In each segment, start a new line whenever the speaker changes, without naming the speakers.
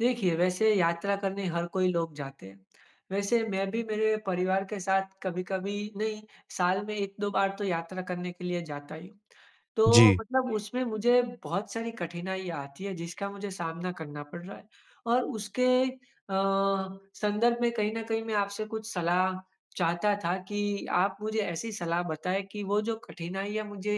देखिए, वैसे यात्रा करने हर कोई लोग जाते हैं। वैसे मैं भी मेरे परिवार के साथ कभी-कभी नहीं साल में 1-2 बार तो यात्रा करने के लिए जाता ही हूँ। तो
जी।
मतलब उसमें मुझे बहुत सारी कठिनाइयाँ आती हैं, जिसका मुझे सामना करना पड़ रहा है। और उसके अ, संदर्भ में कहीं न कहीं मैं आपसे कुछ सलाह चाहता था कि, आप मुझे ऐसी सलाह बताएँ कि वो जो कठिनाइयाँ मुझे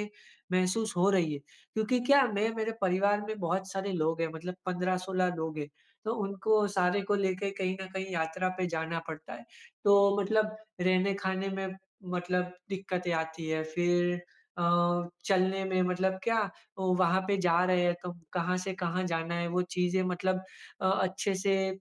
महसूस हो रही है क्योंकि क्या मैं मेरे परिवार में बहुत सारे लोग हैं, मतलब 15-16 लोग हैं, तो उनको सारे को लेके कहीं न कहीं यात्रा पे जाना पड़ता है। तो मतलब रहने खाने में मतलब दिक्कतें आती हैं फिर अ, चलने में मतलब क्या ओ, वहाँ पे जा रहे हैं तो कहाँ से कहाँ जाना है? वो चीज़ें मतलब अ, अच्छे से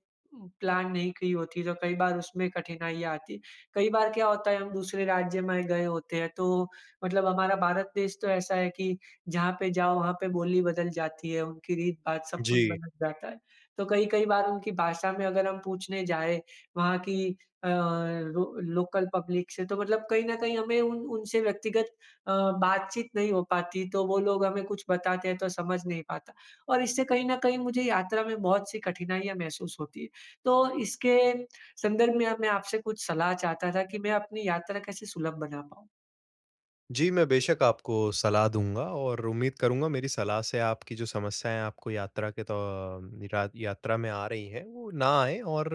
प्लान नहीं की होती तो कई बार उसमें कठिनाइयाँ आती। कई बार क्या होता है हम दूसरे राज्य में गए होते हैं तो, मतलब हमारा भारत देश तो ऐसा है कि, जहाँ पे जाओ वहाँ पे बोली बदल जाती है, उनकी रीत, बात, सब कुछ
जी।
बदल जाता है। तो कई, कई बार उनकी भाषा में अगर हम पूछने जाएँ, वहाँ की अ, लो लोकल पब्लिक से तो मतलब कहीं न कहीं हमें उन उनसे व्यक्तिगत अ, बातचीत नहीं हो पाती, तो वो लोग हमें कुछ बताते हैं तो समझ नहीं पाता। और इससे कहीं न कहीं मुझे यात्रा में बहुत सी कठिनाइयाँ महसूस होती है। तो इसके संदर्भ में अब मैं आपसे कुछ सलाह चाहता था, कि मैं अपनी यात्रा कैसे सुलभ बना पाऊँ?
जी। मैं, बेशक आपको सलाह दूँगा, और उम्मीद करूँगा मेरी सलाह से आपकी जो समस्याएँ आपको यात्रा के त रात यात्रा में आ रही हैं, वो ना आएँ और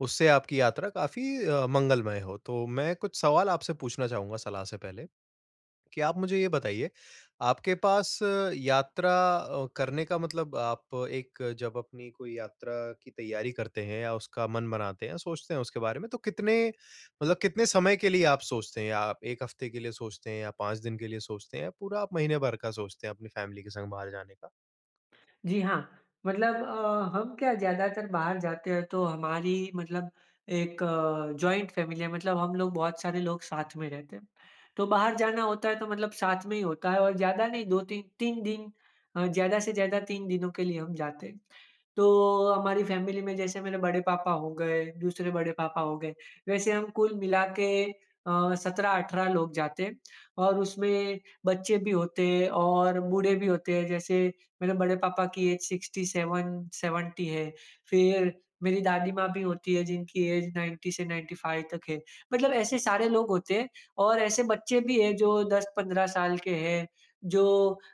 उससे आपकी यात्रा काफी अ, मंगलमय हो। तो मैं कुछ सवाल आपसे पूछना चाहूँगा सलाह से पहले, कि आप मुझे ये बताइए, आपके पास यात्रा अ, करने का मतलब आप एक जब अपनी कोई यात्रा की तैयारी करते हैं या उसका मन बनाते हैं, सोचते हैं उसके बारे में, तो कितने मतलब कितने समय के लिए आप सोचते हैं? या आप 1 हफ़्ते के लिए सोचते हैं या 5 दिन के लिए सोचते हैं या पूरा आप महीने भर का सोचते हैं अपनी फ़ैमिली के संग बाहर जाने का?
जी, हाँ। मतलब अ, हम क्या ज़्यादातर बाहर जाते हैं, तो हमारी मतलब एक जॉइंट फ़ैमिली है, मतलब हम लोग बहुत सारे लोग साथ में रहते हैं। तो बाहर जाना होता है, तो मतलब साथ में ही होता है और ज़्यादा नहीं 2-3, 3 दिन अ, ज़्यादा से ज़्यादा 3 दिनों के लिए हम जाते हैं। तो हमारी फ़ैमिली में जैसे मेरे बड़े पापा हो गए, दूसरे बड़े पापा हो गए, वैसे हम कुल मिला के अ, 17-18 लोग जाते हैं, और उसमें बच्चे भी होते हैं और बूढ़े भी होते हैं। जैसे मेरे बड़े पापा की ऐज 67–70 है, फिर मेरी दादी माँ भी होती है, जिनकी ऐज 90 से 95 तक है। मतलब ऐसे सारे लोग होते हैं और ऐसे बच्चे भी हैं, जो 10-15 साल के हैं। जो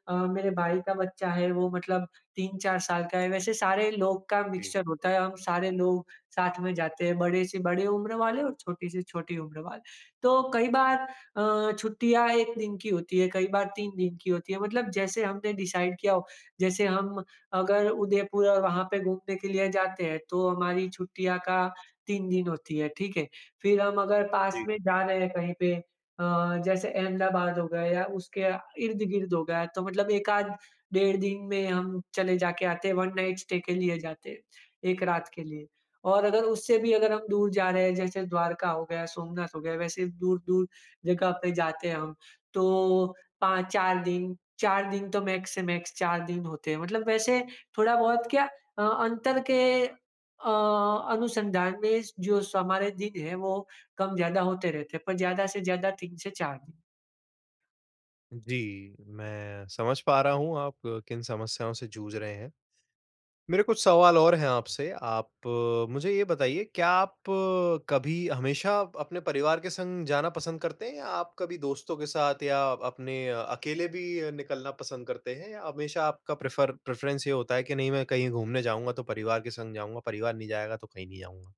अ, मेरे भाई का बच्चा है, वो मतलब 3-4 साल का है। वैसे सारे लोग का
जी।
मिक्सचर होता है, हम सारे लोग साथ में जाते हैं, बड़े से बड़े उम्र वाले और छोटी से छोटी उम्र वाले। तो कई बार अ, छुट्टियाँ 1 दिन की होती है, कई बार 3 दिन की होती हैं, मतलब जैसे हमने डिसाइड किया हो। जैसे हम अगर उदयपुर और वहाँ पे घूमने के लिए जाते हैं, तो हमारी छुट्टियाँ का 3 दिन होती हैं, ठीक है। फिर हम अगर पास
जी।
में जा रहे हैं कहीं पे अ, जैसे अहमदाबाद हो गया या उसके आ इर्द-गिर्द हो गया, तो मतलब 1 आध डेढ़ दिन में हम चले जा के आते हैं। 1 नाइट स्टे के लिए जाते हैं, 1 रात के लिए। और अगर उससे भी अगर हम दूर जा रहे हैं, जैसे द्वारका हो गया, सोमनाथ हो गया, वैसे दूर-दूर जगह पे जाते हैं हम, तो 5-4 दिन, 4 दिन तो मैक्स से मैक्स 4 दिन होते हैं। मतलब वैसे थोड़ा बहुत क्या अ, अंतर के अ, अनुसंधान में जो हमारे दिन हैं, वो कम ज़्यादा होते रहते हैं, पर ज़्यादा से ज़्यादा 3-4 दिन।
जी। मैं समझ पा रहा हूँ, आप किन समस्याओं से जूझ रहे हैं? मेरे कुछ सवाल और है आपसे, आप मुझे ये बताइए, क्या आप कभी हमेशा अपने परिवार के संग जाना पसंद करते हैं? या आप कभी दोस्तों के साथ या अपने अकेले भी निकलना पसंद करते हैं? या हमेशा आपका प्रेफर प्रेफ़रेंस ये होता है कि नहीं मैं कहीं घूमने जाऊँगा तो परिवार के संग जाऊँगा, परिवार नहीं जाएगा तो कहीं नहीं जाऊँगा?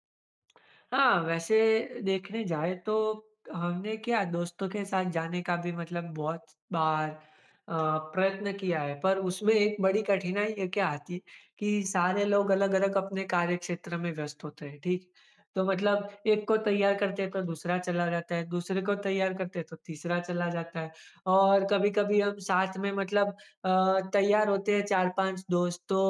हाँ। वैसे देखने जाएँ तो, हमने क्या दोस्तों के साथ जाने का भी मतलब बहुत बार अ, प्रयत्न किया है। पर उसमें एक बड़ी कठिनाई क्या आती है कि सारे लोग अलग-अलग अपने कार्यक्षेत्र में व्यस्त होते हैं। ठीक है? तो मतलब एक को तैयार करते हैं, तो दूसरा चला जाता है। दूसरे को तैयार करते हैं, तो तीसरा चला जाता है। और कभी-कभी हम साथ में मतलब अ, तैयार होते हैं 4-5 दोस्त तो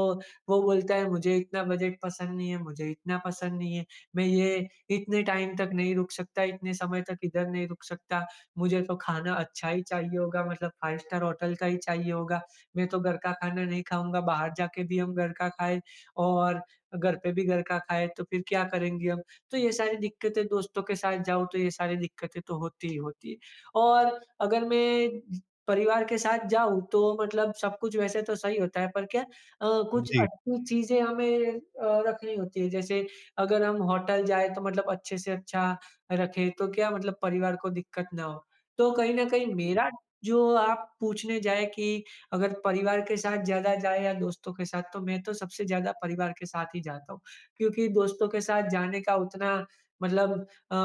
वो बोलता है मुझे इतना बजट पसंद नहीं है मुझे इतना पसंद नहीं है। मैं ये इतने टाइम तक नहीं रुक सकता इतने समय तक इधर नहीं रुक सकता, मुझे तो खाना अच्छा ही चाहिए होगा, मतलब 5 स्टार होटल का ही चाहिए होगा। मैं तो घर का खाना नहीं खाऊँगा, बाहर जाके भी हम घर का खाएँ और घर पे भी घर का खाएँ तो फिर क्या करेंगे हम? तो ये सारी दिक्कतें, दोस्तों के साथ जाऊँ, तो ये सारी दिक्कतें तो होती ही होती है। और अगर मैं परिवार के साथ जाऊँ, तो मतलब सब कुछ वैसे तो सही होता है, पर क्या अ, कुछ
जी।
अच्छी चीज़ें हमें अ, रखनी होती है। जैसे अगर हम होटल जाएँ तो मतलब अच्छे से अच्छा रखें, तो क्या मतलब परिवार को दिक्कत ना हो। तो कहीं ना कहीं
[unintelligible]
मेरा जो आप पूछने जाएँ कि अगर परिवार के साथ ज़्यादा जाएँ या दोस्तों के साथ? तो मैं तो सबसे ज़्यादा परिवार के साथ ही जाता हूँ, क्योंकि दोस्तों के साथ जाने का उतना मतलब अ,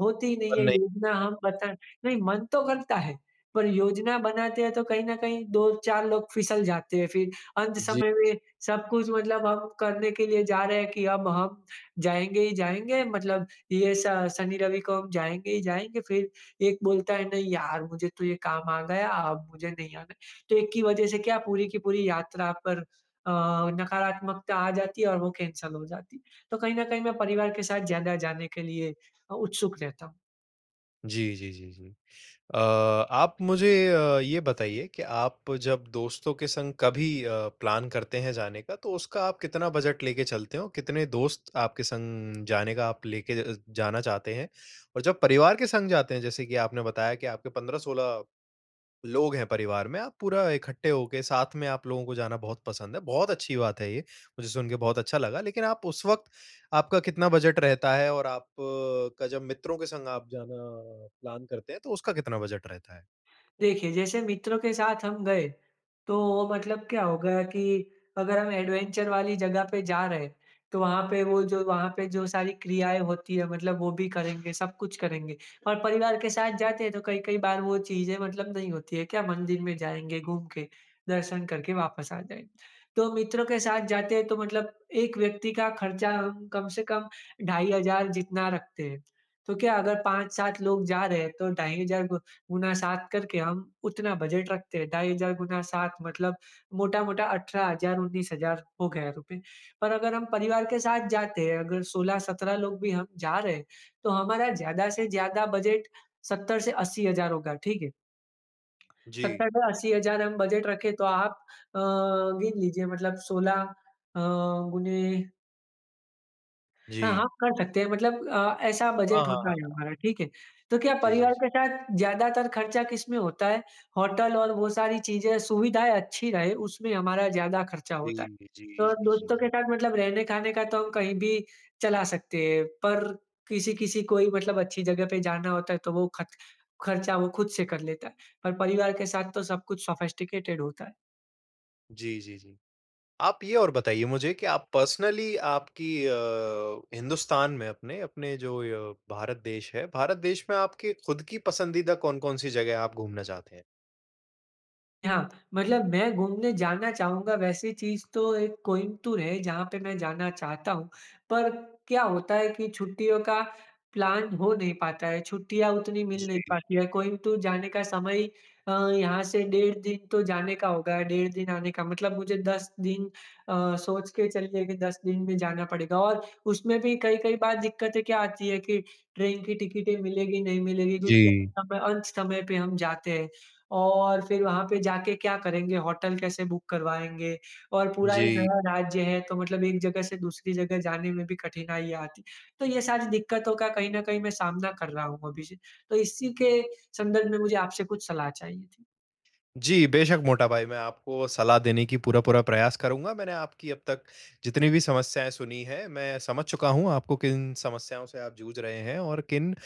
होती ही नहीं है
बंदे
योजना हम पता नहीं मन तो करता है, पर योजना बनाते हैं, तो कहीं ना कहीं 2-4 लोग फिसल जाते हैं, फिर अंत
जी।
समय में सब कुछ मतलब हम करने के लिए जा रहे हैं कि अब हम जाएँगे ही जाएँगे मतलब ये श शनी रवि को हम जाएँगे ही जाएँगे, फिर एक बोलता है, "नहीं यार मुझे तो ये काम आ गया, अब मुझे नहीं आना है।" तो एक की वज़ह से क्या पूरी की पूरी यात्रा पर अ, नकारात्मकता आ जाती है और वो कैंसल हो जाती है। तो कहीं ना कहीं मैं परिवार के साथ ज़्यादा जाने के लिए अ, उत्सुक रहता हूँ।
जी, जी, जी, जी। अ, आप मुझे अ, ये बताइए कि आप जब दोस्तों के संग कभी अ, प्लान करते हैं जाने का, तो उसका आप कितना बजट लेके चलते हो? कितने दोस्त आपके संग जाने का आप लेके ज अ ज जाना चाहते हैं? और जब परिवार के संग जाते हैं, जैसे कि आपने बताया कि आपके 15-16 लोग हैं परिवार में। आप पूरा इकट्ठे होके साथ में आप लोगों को जाना बहुत पसंद है, बहुत अच्छी बात है ये, मुझे सुनके बहुत अच्छा लगा। लेकिन आप उस वक़्त आपका कितना बजट रहता है? और आप का जब मित्रों के संग आप जाना प्लान करते हैं तो उसका कितना बजट रहता है?
देखिए, जैसे मित्रों के साथ हम गए, तो वो मतलब क्या होगा कि अगर हम एडवेंचर वाली जगह पे जा रहे हैं, तो वहाँ पे वो जो वहाँ पे जो सारी क्रियाएँ होती है, मतलब वो भी करेंगे, सब कुछ करेंगे। और परिवार के साथ जाते हैं तो कई, कई बार वो चीज़ें मतलब नहीं होती है, क्या मंदिर में जाएँगे, घूम के, दर्शन करके, वापस आ जाएँगे। तो मित्रों के साथ जाते हैं तो मतलब एक व्यक्ति का खर्चा कम से कम ढाई हज़ार जितना रखते हैं, तो क्या अगर 5-7 लोग जा रहे हैं तो ढाई हज़ार गु गुना 7 करके हम उतना बजट रखते हैं, ढाई हज़ार गुना 7 मतलब मोटा-मोटा 18 हज़ार 19 हज़ार हो गया रुपए। पर अगर हम परिवार के साथ जाते हैं, अगर 16-17 लोग भी हम जा रहे हैं, तो हमारा ज़्यादा से ज़्यादा बजट 70,000 से 80,000 होगा। ठीक है?
जी।
70 टू 80 हज़ार हम बजट रखें तो आप अ, गिन लीजिए। मतलब 16 अ, गुने हाँ,
जी।
आप कर सकते हैं। मतलब अ, ऐसा
हाँ,
बजट
हाँ,
होता है
हाँ।
हमारा, ठीक है। तो क्या
जी, जी,
परिवार
जी।
के साथ ज़्यादातर खर्चा किसमें होता है, होटल और वो सारी चीज़ें, सुविधाएँ अच्छी रहे, उसमें हमारा ज़्यादा खर्चा
जी,
होता है।
जी, जी,
और
जी, जी,
दोस्तों के
जी।
साथ मतलब रहने खाने का तो हम कहीं भी चला सकते हैं पर, किसी-किसी को ही मतलब अच्छी जगह पे जाना होता है तो वो खच खर्चा वो खुद से कर लेता है, पर परिवार के साथ तो सब कुछ सोफिस्टिकेटेड होता है।
जी, जी, जी। आप ये और बताइए मुझे की आप पर्सनली आपकी अ, हिंदुस्तान में अपने, अपने जो अ, भारत देश है। भारत देश में आपके खुद की पसंदीदा कौन-कौन सी जगह आप घूमना चाहते हैं?
हाँ, मतलब मैं घूमने जाना चाहूँगा वैसी चीज़ तो एक कोइम्बतूर है, जहाँ पे मैं जाना चाहता हूँ। पर क्या होता है कि छुट्टियों का प्लान हो नहीं पाता है, छुट्टियाँ उतनी मिल नहीं
जी।
पाती हैं। कोइम्बतूर जाने का समय ही अ, यहाँ से डेढ़ दिन तो जाने का होगा, डेढ़ दिन आने का, मतलब मुझे 10 दिन अ, सोच के चलिए कि 10 दिन में जाना पड़ेगा। और उसमें भी कई-कई बार दिक्कतें क्या आती है कि ट्रेन की टिकटें मिलेगी, नहीं मिलेगी? क्योंकि
जी।
हम अंत समय पे हम जाते हैं, और फिर वहाँ पे जा के क्या करेंगे? होटल कैसे बुक करवाएँगे? और पूरा एक
जी।
नया राज्य है, तो मतलब एक जगह से दूसरी जगह जाने में भी कठिनाइयाँ आती है। तो ये सारी दिक्कतों का कहीं ना कहीं मैं सामना कर रहा हूँ अभी से, तो इसी के संदर्भ में, मुझे आपसे कुछ सलाह चाहिए थी?
जी, बेशक मोटा भाई, मैं आपको सलाह देने की पूरा-पूरा प्रयास करूँगा। मैंने आपकी अब तक जितनी भी समस्याएँ सुनी हैं, मैं समझ चुका हूँ आपको किन समस्याओं से आप जूझ रहे हैं और किन अ,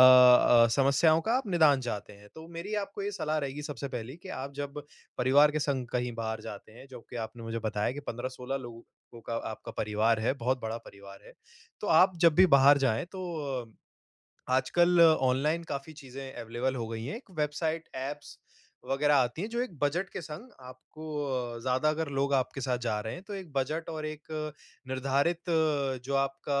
अ, समस्याओं का आप निदान चाहते हैं। तो मेरी आपको ये सलाह रहेगी, सबसे पहली, कि आप जब परिवार के संग कहीं बाहर जाते हैं, जो कि आपने मुझे बताया कि 15-16 लोगों को का आपका परिवार है, बहुत बड़ा परिवार है। तो आप जब भी बाहर जाएँ तो अ, आजकल ऑनलाइन काफ़ी चीज़ें अवेलेबल हो गई हैं। एक वेबसाइट, ऐप्स वग़ैरह आती हैं, जो एक बजट के संग, आपको अ, ज़्यादा अगर लोग आपके साथ जा रहे हैं, तो एक बजट और एक निर्धारित अ, जो आपका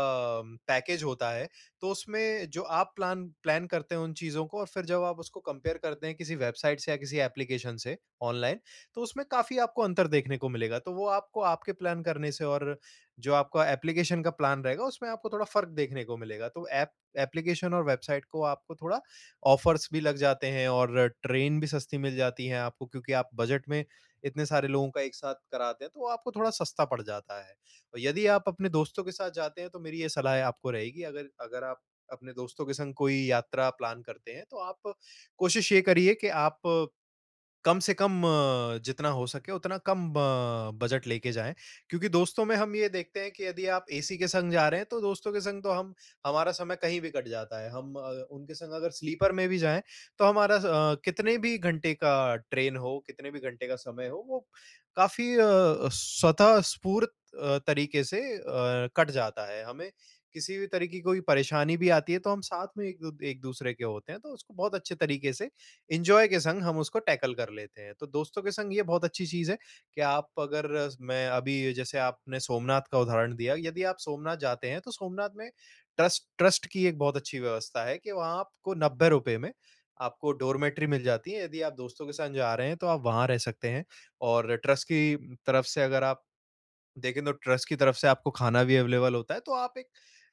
पैकेज होता है, तो उसमें जो आप प्लान प्लैन करते हो उन चीज़ों को, और फिर जब आप उसको कंपेयर करते हैं किसी वेबसाइट से या किसी एप्लिकेशन से ऑनलाइन, तो उसमें काफ़ी आपको अंतर देखने को मिलेगा। तो वो आपको आपके प्लान करने से और जो आपका एप्लिकेशन का प्लान रहेगा, उसमें आपको थोड़ा फ़र्क़ देखने को मिलेगा। तो ऐप एप्लिकेशन और वेबसाइट को आपको थोड़ा ऑफ़र्स भी लग जाते हैं, और ट्रेन भी सस्ती मिल जाती है आपको, क्योंकि आप बजट में इतने सारे लोगों का एक साथ कराते हैं, तो आपको थोड़ा सस्ता पड़ जाता है। यदि आप अपने दोस्तों के साथ जाते हैं, तो मेरी ये सलाहे आपको रहेगी, अगर अगर आप अपने दोस्तों के संग कोई यात्रा प्लान करते हैं, तो आप कोशिश ये करिए कि आप कम से कम, अ, जितना हो सके, उतना कम अ, बजट लेके जाएँ। क्योंकि दोस्तों में हम ये देखते हैं कि यदि आप एसी के संग जा रहे हैं, तो दोस्तों के संग तो हम हमारा समय कहीं भी कट जाता है। हम अ, उनके संग अगर स्लीपर में भी जाएँ, तो हमारा अ, कितने भी घंटे का ट्रेन हो, कितने भी घंटे का समय हो, वो काफ़ी अ, स्वतःस्फूर्त तरीक़े से अ, कट जाता है। हमें किसी भी तरह की कोई परेशानी भी आती है, तो हम साथ में एक-दू एक-दूसरे के होते हैं, तो उसको बहुत अच्छे तरीक़े से, एंजॉय के संग, हम टैकल कर लेते हैं। तो दोस्तों के संग ये बहुत अच्छी चीज़ है कि आप अगर मैं अभी जैसे आपने सोमनाथ का उदाहरण दिया। यदि आप सोमनाथ जाते हैं, तो सोमनाथ में ट्रस्ट ट्रस्ट की एक बहुत अच्छी व्यवस्था है कि वहाँ आपको ₹90 में आपको डॉरमिटरी मिल जाती है। यदि आप दोस्तों के संग जा रहे हैं, तो आप वहाँ रह सकते हैं। और ट्रस्ट की तरफ़ से अगर आप देखें तो ट्रस्ट की तरफ़ से आपको खाना भी अवेलेबल होता है, तो आप एक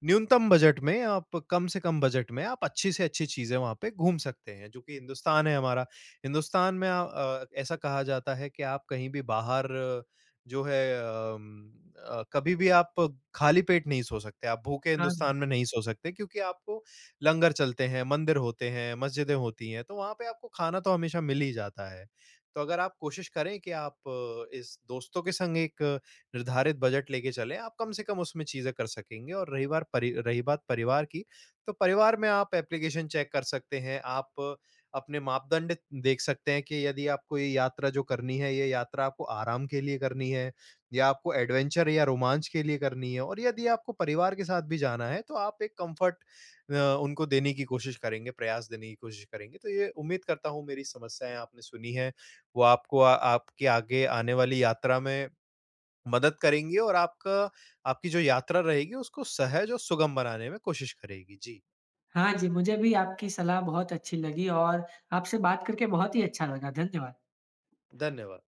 न्यूनतम बजट में, आप कम से कम बजट में, आप अच्छी से अच्छी चीज़ें वहाँ पे घूम सकते हैं। जो कि हिंदुस्तान है हमारा, हिंदुस्तान में आ अ, ऐसा कहा जाता है कि आप कहीं भी बाहर जो हैं उम, अ, कभी भी आप खाली पेट नहीं सो सकते, आप भूखे
हाँ।
हिंदुस्तान में नहीं सो सकते, क्योंकि आपको लंगर चलते हैं, मंदिर होते हैं, मस्जिदें होती हैं, तो वहाँ पे आपको खाना तो हमेशा मिल ही जाता है। तो अगर आप कोशिश करें कि आप इस दोस्तों के संग एक निर्धारित बजट लेके चलें, आप कम से कम उसमें चीज़ें कर सकेंगे। और रही बार परि रही बात परिवार की तो परिवार में आप एप्लिकेशन चेक कर सकते हैं। आप अपने मापदंड देख सकते हैं कि यदि आपको ये यात्रा जो करनी है, ये यात्रा आपको आराम के लिए करनी है या आपको एडवेंचर या रोमांच के लिए करनी है। और यदि आपको परिवार के साथ भी जाना है, तो आप एक कम्फ़र्ट अ, उनको देने की कोशिश करेंगे, प्रयास देने की कोशिश करेंगे। तो ये उम्मीद करता हूँ, मेरी समस्याएँ आपने सुनी है, वो आपको आ आपकी आगे आने वाली यात्रा में मदद करेंगी, और आपका आपकी जो यात्रा रहेगी, उसको सहज और सुगम बनाने में कोशिश करेगी। जी।
हाँ जी, मुझे भी आपकी सलाह बहुत अच्छी लगी और आपसे बात करके बहुत ही अच्छा लगा। धन्यवाद।
धन्यवाद।